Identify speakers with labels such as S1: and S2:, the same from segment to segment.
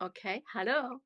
S1: Okay, hallo.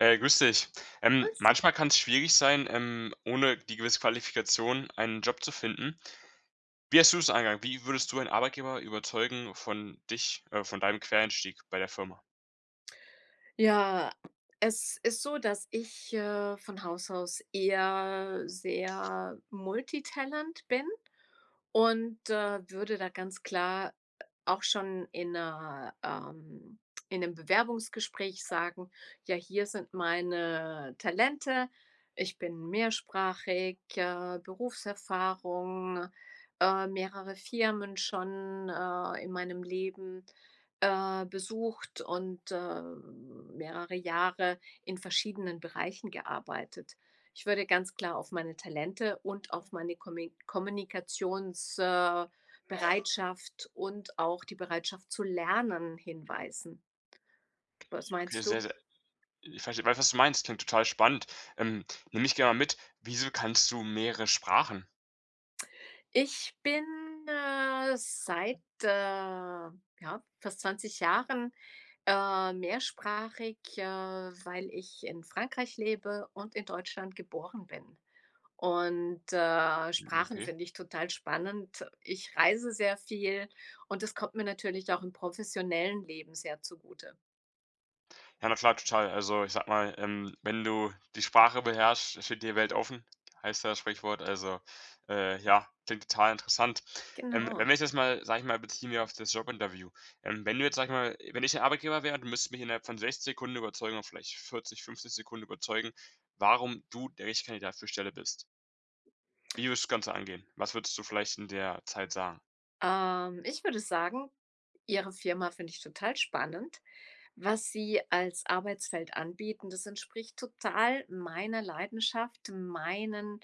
S2: Hey, grüß dich. Ähm,
S1: Grüß dich.
S2: manchmal kann's schwierig sein, ähm, ohne die gewisse Qualifikation einen Job zu finden. Wie hast du das angegangen? Wie würdest du ein Arbeitgeber überzeugen von dich, äh von deinem Quereinstieg bei der Firma?
S1: Ja, es ist so, dass ich, äh, von Haus aus eher sehr multitalent bin und, äh, würde da ganz klar auch schon in 'ner, ähm in 'nem Bewerbungsgespräch sagen: „Ja, hier sind meine Talente, ich bin mehrsprachig, äh, Berufserfahrung, äh, mehrere Firmen schon, äh, in meinem Leben, äh, besucht und, äh, mehrere Jahre in verschiedenen Bereichen gearbeitet.“ Ich würde ganz klar auf meine Talente und auf meine Kommi Kommunikations äh, Bereitschaft und auch die Bereitschaft zu lernen hinweisen. Was
S2: Okay,
S1: meinst du?
S2: sehr, sehr ich verstehe ich weiß was du meinst, klingt total spannend. Ähm, nimm mich gerne mal mit, wieso kannst du mehrere Sprachen?
S1: Ich bin, äh, seit, äh, ja, fast 20 Jahren, ähm, mehrsprachig, äh, weil ich in Frankreich lebe und in Deutschland geboren bin. Und, äh,
S2: Hm,
S1: Sprachen
S2: okay.
S1: finde ich total spannend. Ich reise sehr viel und es kommt mir natürlich auch im professionellen Leben sehr zugute.
S2: Ja, na, klar total. Also, ich sage mal, ähm, wenn du die Sprache beherrscht, steht dir Welt offen, heißt das Sprichwort, also, äh, ja, klingt total interessant. Ähm, wenn
S1: Genau.
S2: wir das mal sage ich mal, beziehen wir auf das Jobinterview. Ähm, wenn du jetzt, sage ich mal wenn ich der Arbeitgeber wäre, du müsstest mich innerhalb von 60 Sekunden überzeugen oder vielleicht 40, 50 Sekunden überzeugen, warum du der richtige Kandidat für die Stelle bist? Wie würdest du das Ganze angehen? Was würdest du vielleicht in der Zeit sagen?
S1: Ähm, ich würde sagen: „Ihre Firma finde ich total spannend, was Sie als Arbeitsfeld anbieten. Das entspricht total meiner Leidenschaft, meinen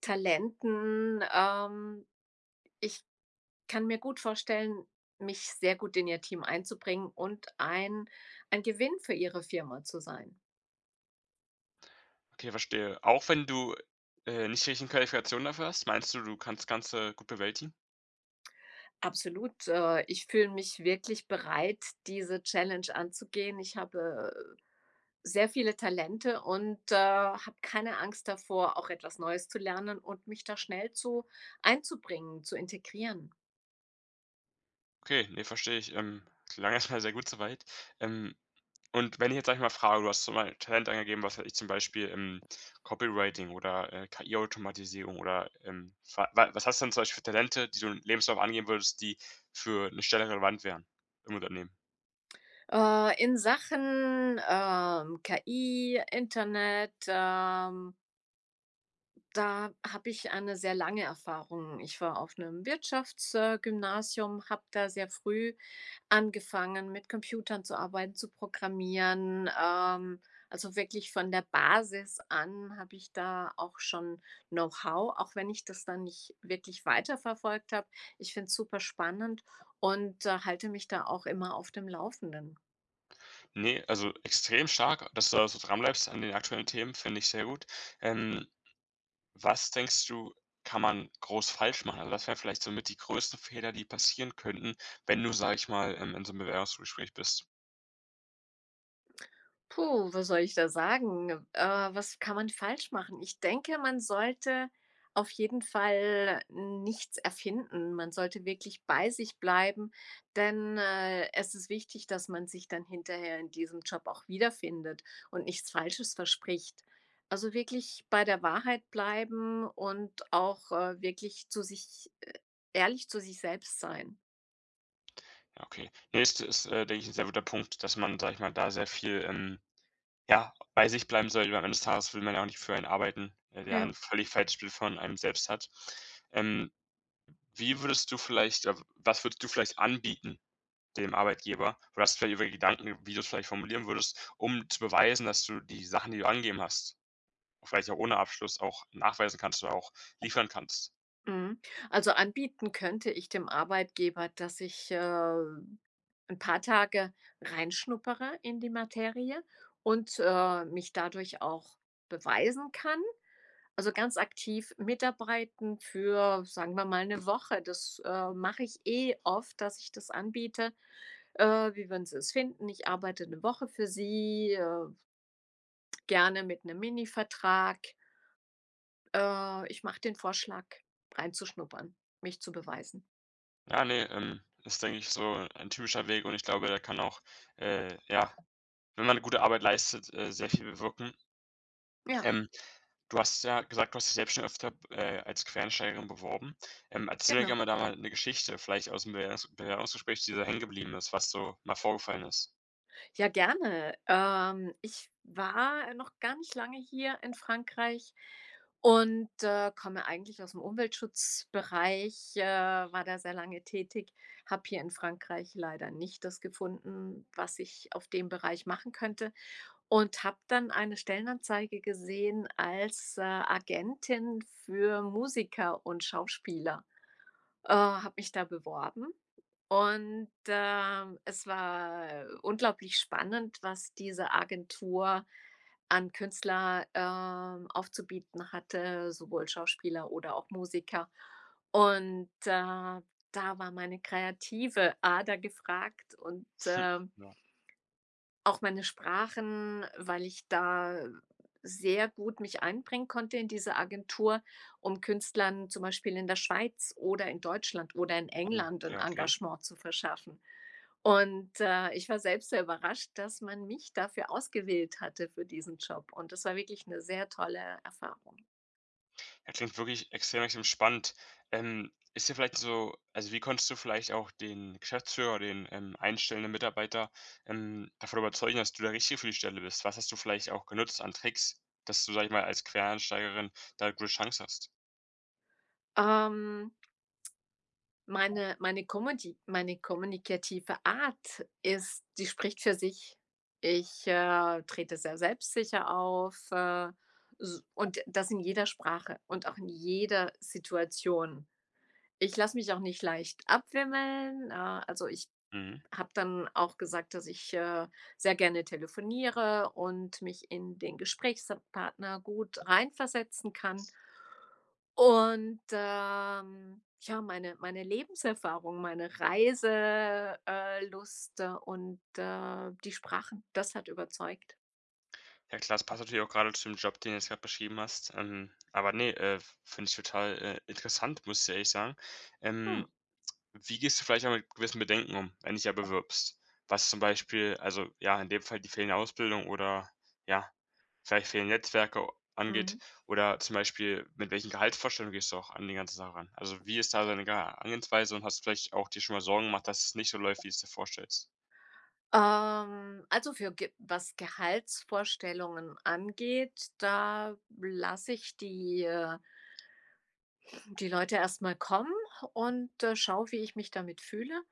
S1: Talenten, ähm. Ich kann mir gut vorstellen, mich sehr gut in Ihr Team einzubringen und ein ein Gewinn für Ihre Firma zu sein.“
S2: Okay, verstehe. Auch wenn du, äh, nicht die richtigen Qualifikationen dafür hast, meinst du, du kannst Ganze gut bewältigen?
S1: Absolut, äh, ich fühle mich wirklich bereit, diese Challenge anzugehen. Ich habe, äh, sehr viele Talente und, äh, habe keine Angst davor, auch etwas Neues zu lernen und mich da schnell zu einzubringen, zu integrieren.
S2: Okay, ne, verstehe ich. Ähm. Klang erstmal sehr gut so weit. Ähm, und wenn ich jetzt, sage ich mal, frage, du hast zum bei Talent angegeben, was weiß ich, zum Beispiel, hm, Copywriting oder, äh, KI-Automatisierung oder, ähm wa wa was hast du denn zum Beispiel für Talente, die du im Lebenslauf angeben würdest, die für 'ne Stelle relevant wären im Unternehmen?
S1: Äh. In Sachen, ähm, KI, Internet, ähm da habe ich eine sehr lange Erfahrung. Ich war auf 'nem Wirtschafts äh, Gymnasium, habe da sehr früh angefangen, mit Computern zu arbeiten, zu programmieren. Ähm, also, wirklich von der Basis an habe ich da auch schon Know-how, auch wenn ich das dann nicht wirklich weiterverfolgt habe. Ich finde es super spannend und halte mich da auch immer auf dem Laufenden.
S2: Ne, also, extrem stark, dass du da so dranbleibst an den aktuellen Themen, finde ich sehr gut. Ähm, was denkst du, kann man groß falsch machen? Also, was wären vielleicht so mit die größten Fehler, die passieren könnten, wenn du, sage ich mal, in in so 'nem Bewerbungsgespräch bist?
S1: Puh, was soll ich da sagen? Äh, was kann man falsch machen? Ich denke, man sollte auf jeden Fall nichts erfinden. Man sollte wirklich bei sich bleiben, denn, äh, es ist wichtig, dass man sich dann hinterher in diesem Job auch wiederfindet und nichts Falsches verspricht. Also, wirklich bei der Wahrheit bleiben und auch, äh, wirklich zu sich ehrlich zu sich selbst sein.
S2: Okay. Ne, ist äh, ist, denke ich, 'n sehr guter Punkt, dass man, sage ich mal, da sehr viel, ähm, ja, bei sich bleiben sollte. Ich meine eines Tages will man ja auch nicht für einen arbeiten, der der
S1: Ja.
S2: ein völlig falsches Bild von einem selbst hat. Ähm, wie würdest du vielleicht oder, was würdest du vielleicht anbieten dem Arbeitgeber? Oder hast du vielleicht irgendwelche Gedanken, wie du es vielleicht formulieren würdest, um zu beweisen, dass du die Sachen, die du angeben hast, vielleicht auch ohne Abschluss auch nachweisen kannst oder auch liefern kannst?
S1: Mhm. Also, anbieten könnte ich dem Arbeitgeber, dass ich, äh, 'n paar Tage reinschnuppere in die Materie und, äh, mich dadurch auch beweisen kann. Also, ganz aktiv mitarbeiten für, sagen wir mal, 'ne Woche. Das, äh, mache ich eh oft, dass ich das anbiete, äh: „Wie würden Sie es finden? Ich arbeite 'ne Woche für Sie, äh“ „gerne mit 'nem Minivertrag.“ Äh, ich mache den Vorschlag reinzuschnuppern, mich zu beweisen.
S2: Ja, ne, ähm, ist denke ich so ein typischer Weg und ich glaube, der kann auch, äh, ja, wenn man 'ne gute Arbeit leistet, äh, sehr viel bewirken.
S1: Ja.
S2: Ähm, du hast ja gesagt, du hast dich selbst schon öfter b äh, als Quereinsteigerin beworben. Ähm, erzähl mir
S1: Genau.
S2: gerne da mal 'ne Geschichte, vielleicht ausm Bewerbungs Bewerbungsgespräch, dir da hängen geblieben ist, was so mal vorgefallen ist.
S1: Ja, gerne. Ähm, ich war noch gar nicht lange hier in Frankreich und, äh, komme eigentlich ausm Umweltschutzbereich, äh, war da sehr lange tätig, habe hier in Frankreich leider nicht das gefunden, was ich auf dem Bereich machen könnte und habe dann eine Stellenanzeige gesehen als, äh, Agentin für Musiker und Schauspieler. Äh, habe mich da beworben und, ähm, es war unglaublich spannend, was diese Agentur an Künstler, ähm, aufzubieten hatte, sowohl Schauspieler oder auch Musiker. Und da da war meine kreative Ader gefragt und, ähm
S2: Ja.
S1: auch meine Sprachen, weil ich da sehr gut mich einbringen konnte in dieser Agentur, um Künstlern zum Beispiel in der Schweiz oder in Deutschland oder in
S2: Hm.
S1: England 'n
S2: Ja, okay.
S1: Engagement zu verschaffen. Und, äh, ich war selbst sehr überrascht, dass man mich dafür ausgewählt hatte für diesen Job. Und das war wirklich 'ne sehr tolle Erfahrung.
S2: Äh, klingt wirklich extrem, extrem spannend. Ähm, ist dir vielleicht so also, wie konntest du vielleicht auch den Geschäftsführer oder den, ähm, einstellenden Mitarbeiter, ähm, davon überzeugen, dass du der Richtige für die Stelle bist? Was hast du vielleicht auch genutzt an Tricks, dass du sage ich mal, als Quereinsteigerin da 'ne gute Chance hast?
S1: Ähm meine meine kommuti meine kommunikative Art ist die spricht für sich. Ich, äh, trete sehr selbstsicher auf, äh, s und das in jeder Sprache und auch in jeder Situation. Ich lasse mich auch nicht leicht abwimmeln, äh, also, ich
S2: Mhm.
S1: habe dann auch gesagt, dass ich, äh, sehr gerne telefoniere und mich in den Gesprächspartner gut reinversetzen kann. Und, ähm, ja, meine meine Lebenserfahrung, meine Reise äh -lust und, äh, die Sprachen, das hat überzeugt.
S2: Ja klasse, passt natürlich auch gerade zu dem Job, den du jetzt gerade beschrieben hast. Ähm, aber ne, äh, finde ich total, äh, interessant, muss ich ehrlich sagen. Ähm,
S1: Hm.
S2: wie gehst du vielleicht auch mit gewissen Bedenken um, wenn du dich ja bewirbst? Was zum Beispiel also, ja, in dem Fall die fehlende Ausbildung oder, ja, vielleicht fehlen Netzwerke angeht
S1: Mhm.
S2: oder zum Beispiel mit welchen Gehaltsvorstellungen gehst du auch an die ganze Sache ran? Also, wie ist da deine Geha Herangehensweise und hast vielleicht auch dir schon mal Sorgen gemacht, dass es nicht so läuft, wie du es dir vorstellst?
S1: Ähm. Also für g was Gehaltsvorstellungen angeht, da lasse ich die, äh die Leute erst mal kommen und, äh, schaue, wie ich mich damit fühle.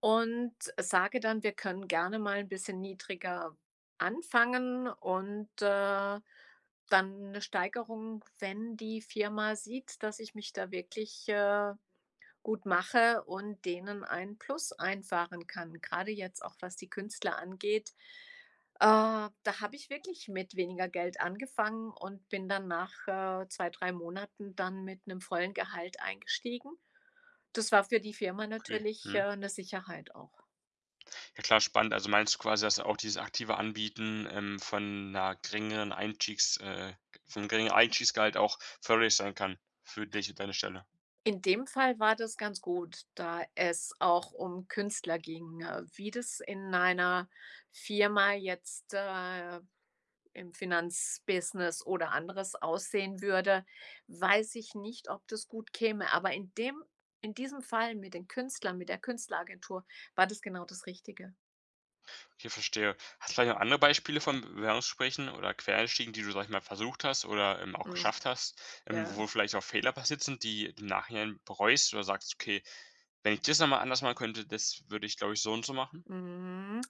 S1: Und sage dann, wir können gerne mal 'n bisschen niedriger anfangen und, äh, dann 'ne Steigerung, wenn die Firma sieht, dass ich mich da wirklich, äh, gut mache und denen ein Plus einfahren kann, grade jetzt auch, was die Künstler angeht. Äh, da habe ich wirklich mit weniger Geld angefangen und bin dann nach, äh, 2, 3 Monaten dann mit 'nem vollen Gehalt eingestiegen. Das war für die Firma
S2: Okay.
S1: natürlich,
S2: Mhm.
S1: äh, 'ne Sicherheit auch.
S2: Ja, klar spannend. Also, meinst du quasi, dass auch dieses aktive Anbieten, ähm, von 'ner geringeren Einstiegs, äh vom geringeren Einstiegsgehalt auch förderlich sein kann? Für dich und deine Stelle.
S1: In dem Fall war das ganz gut, da es auch um Künstler ging. Äh, wie das in einer Firma jetzt, äh, im Finanzbusiness oder anderes aussehen würde, weiß ich nicht, ob das gut käme. Aber in dem in diesem Fall mit den Künstlern, mit der Künstleragentur war das genau das Richtige.
S2: Okay, verstehe. Hast du vielleicht noch andere Beispiele von Bewerbungsgesprächen oder Quereinstiegen, die du sage ich mal versucht hast oder, ähm, auch
S1: Hm.
S2: geschafft hast, ähm,
S1: Ja.
S2: wo vielleicht auch Fehler passiert sind, die im Nachhinein bereust oder sagst: „Okay, wenn ich das noch mal anders machen könnte, das würde ich, glaube ich, so und so machen.“?
S1: Mhm,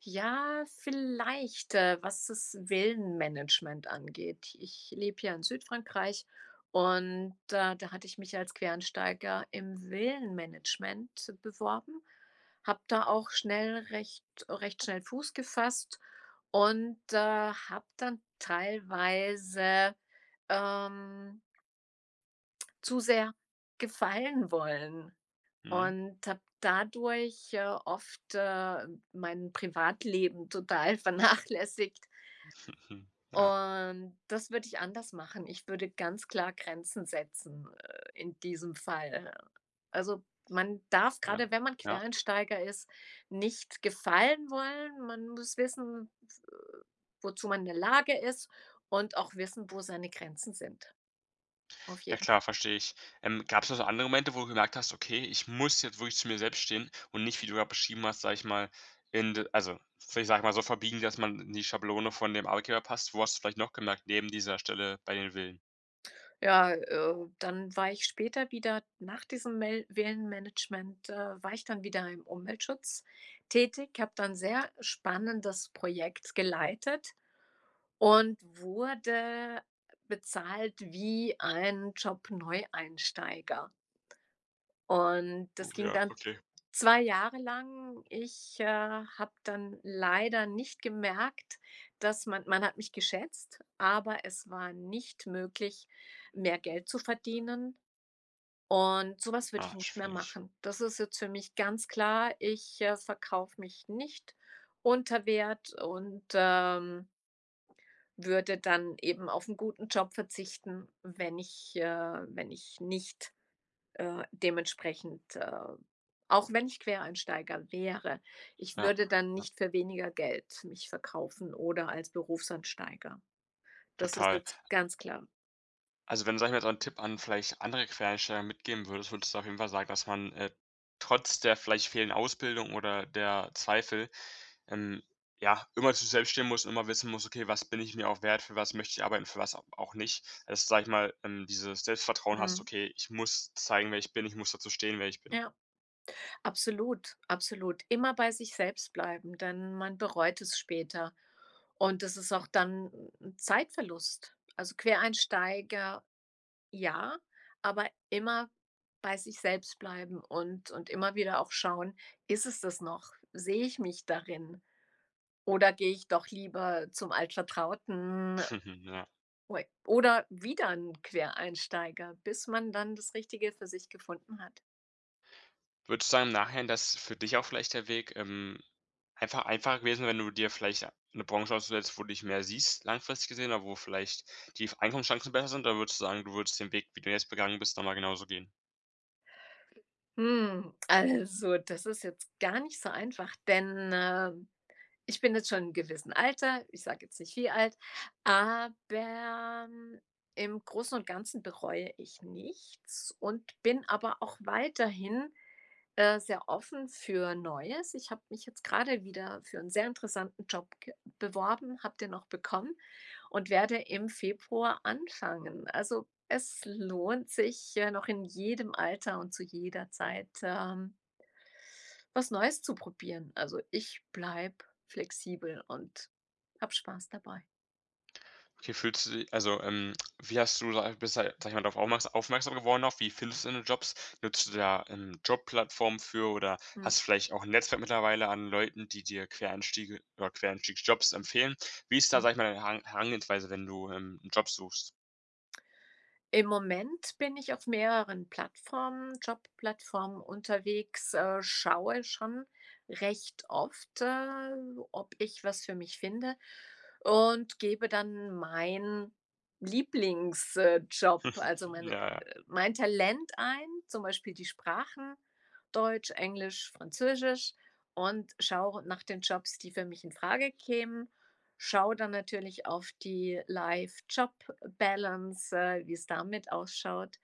S1: ja vielleicht, äh, was das Villenmanagement angeht. Ich lebe ja in Südfrankreich und da da hatte ich mich als Quereinsteiger im Villenmanagement beworben, habe da auch schnell recht recht schnell Fuß gefasst und, äh, habe dann teilweise ,ähm zu sehr gefallen wollen
S2: Mhm.
S1: und habe dadurch, äh, oft, äh, mein Privatleben total vernachlässigt.
S2: Ja.
S1: Und das würde ich anders machen. Ich würde ganz klar Grenzen setzen, äh, in diesem Fall. Also, man darf
S2: Ja.
S1: gerade, wenn man
S2: Ja.
S1: Quereinsteiger ist, nicht gefallen wollen. Man muss wissen, äh, wozu man in der Lage ist und auch wissen, wo seine Grenzen sind. Auf
S2: Ja
S1: jeden
S2: klar, verstehe ich. Ähm, gab es noch so andere Momente, wo du gemerkt hast: „Okay, ich muss jetzt wirklich zu mir selbst stehen.“ Und nicht, wie du grade beschrieben hast, sage ich mal, in also, vielleicht sage ich mal so verbiegen, dass man in die Schablone von dem Arbeitgeber passt. Wo hast du vielleicht noch gemerkt neben dieser Stelle bei den Villen?
S1: Ja, äh, dann war ich später wieder nach diesem Mill Villenmanagement, äh, war ich dann wieder im Umweltschutz tätig, habe da 'n sehr spannendes Projekt geleitet und wurde bezahlt wie ein Job-Neueinsteiger. Und das
S2: Oh
S1: ging
S2: ja,
S1: dann
S2: okay.
S1: 2 Jahre lang. Ich, äh, habe dann leider nicht gemerkt, dass man man hat mich geschätzt, aber es war nicht möglich, mehr Geld zu verdienen und so was würde ich
S2: Ah,
S1: nicht mehr
S2: schwierig.
S1: machen. Das ist jetzt für mich ganz klar, ich, äh, verkaufe mich nicht unter Wert und, ähm würde dann eben auf 'n guten Job verzichten, wenn ich, äh wenn ich nicht, äh, dementsprechend, äh auch wenn ich Quereinsteiger wäre. Ich
S2: Ja.
S1: würde dann
S2: Ja.
S1: nicht für weniger Geld mich verkaufen oder als Berufseinsteiger. Das ist
S2: Total.
S1: jetzt ganz klar.
S2: Also, wenn sage ich mal so 'n Tipp an, vielleicht andere Quereinsteiger, mitgeben würdest, würdest du auf jeden Fall sagen, dass man, äh, trotz der vielleicht fehlenden Ausbildung oder der Zweifel, ähm, ja, immer zu selbst stehen muss und immer wissen muss: „Okay, was bin ich mir auch wert? Für was möchte ich arbeiten? Für was au auch nicht?“ Also, sage ich mal, ähm, dieses Selbstvertrauen
S1: Mhm.
S2: hast: „Okay, ich muss zeigen, wer ich bin. Ich muss dazu stehen, wer ich bin.“
S1: Ja. Absolut, absolut. Immer bei sich selbst bleiben, denn man bereut es später. Und das ist auch dann 'n Zeitverlust. Also, Quereinsteiger, ja, aber immer bei sich selbst bleiben und und immer wieder auch schauen, ist es das noch? Sehe ich mich darin? Oder gehe ich doch lieber zum Altvertrauten?
S2: Ja.
S1: Oder wieder 'n Quereinsteiger, bis man dann das Richtige für sich gefunden hat.
S2: Würdest du sagen, im Nachhinein, dass für dich auch vielleicht der Weg, ähm, einfach einfacher gewesen wäre, wenn du dir vielleicht 'ne Branche ausgesucht hättest wo du dich mehr siehst, langfristig gesehen oder wo vielleicht die Einkommenschancen besser sind? Oder würdest du sagen, du würdest den Weg, wie du jetzt begangen bist, noch mal genauso gehen?
S1: Hm. Also, das ist jetzt gar nicht so einfach, denn, äh, ich bin jetzt schon in 'nem gewissem Alter, ich sage jetzt nicht wie alt, aber, hm, im Großen und Ganzen bereue ich nichts und bin aber auch weiterhin, äh, sehr offen für Neues. Ich habe mich jetzt gerade wieder für 'n sehr interessanten Job ge beworben, habe den auch bekommen und werde im Februar anfangen. Also, es lohnt sich, äh, noch in jedem Alter und zu jeder Zeit, ähm was Neues zu probieren. Also, ich bleibe flexibel und habe Spaß dabei.
S2: Wie fühlst du di also, ähm, wie hast du da bist du ja, sage ich mal, drauf aufmerk aufmerksam geworden auf? Wie findest du deine Jobs? Nutzt du da 'n Jobplattform für oder
S1: Mhm.
S2: hast du vielleicht auch 'n Netzwerk mittlerweile an Leuten, die dir Quereinstiege oder Quereinstiegjobs empfehlen? Wie ist da,
S1: Mhm.
S2: sage ich mal, deine Heran Herangehensweise, wenn du, ähm, 'n Job suchst?
S1: Im Moment bin ich auf mehreren Plattformen Jobplattformen unterwegs, äh, schaue schon recht oft, äh, ob ich was für mich finde und gebe dann meinen Lieblings äh, Job, also, mein
S2: Ja, ja.
S1: mein Talent ein, zum Beispiel die Sprachen, Deutsch, Englisch, Französisch, und schaue nach den Jobs, die für mich infrage kämen, schaue dann natürlich auf die Life-Job-Balance, äh, wie's da mit ausschaut.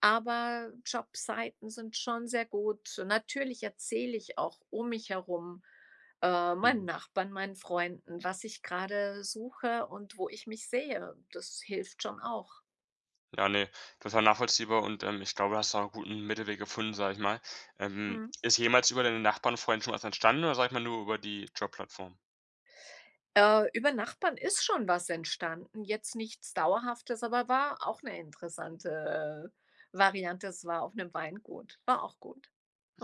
S1: Aber Jobseiten sind schon sehr gut. Natürlich erzähle ich auch um mich herum, äh, meinen
S2: Mhm.
S1: Nachbarn, meinen Freunden, was ich gerade suche und wo ich mich sehe. Das hilft schon auch.
S2: Ja, ne. Das ja nachvollziehbar und, ähm, ich glaube, du hast da auch 'n guten Mittelweg gefunden, sage ich mal. Ähm,
S1: Mhm.
S2: ist jemals über deine Nachbarn, Freunden schon was entstanden oder, sage ich mal, nur über die Jobplattform?
S1: Äh, über Nachbarn ist schon was entstanden, jetzt nichts Dauerhaftes, aber war auch 'ne interessante Variante. Es war auf 'nem Weingut, war auch gut,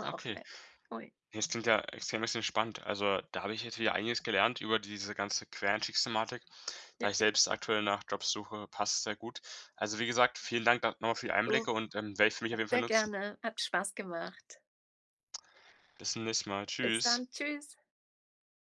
S2: Ah,
S1: auch
S2: okay.
S1: nett. Ui.
S2: Das klingt ja extrem extrem spannend. Also, da habe ich jetzt wieder einiges gelernt über diese ganze Quereinstiegsthematik,
S1: Ja,
S2: da ich
S1: ja,
S2: selbst
S1: ja.
S2: aktuell nach Jobs suche, passt es sehr gut. Also, wie gesagt, vielen Dank da noch mal für die
S1: Oh.
S2: Einblicke und, ähm, werde ich für mich auf jeden Fall
S1: Sehr
S2: nutzen.
S1: gerne, hat Spaß gemacht.
S2: Bis zum nächsten Mal.
S1: Bis
S2: Tschüss.
S1: dann, tschüss.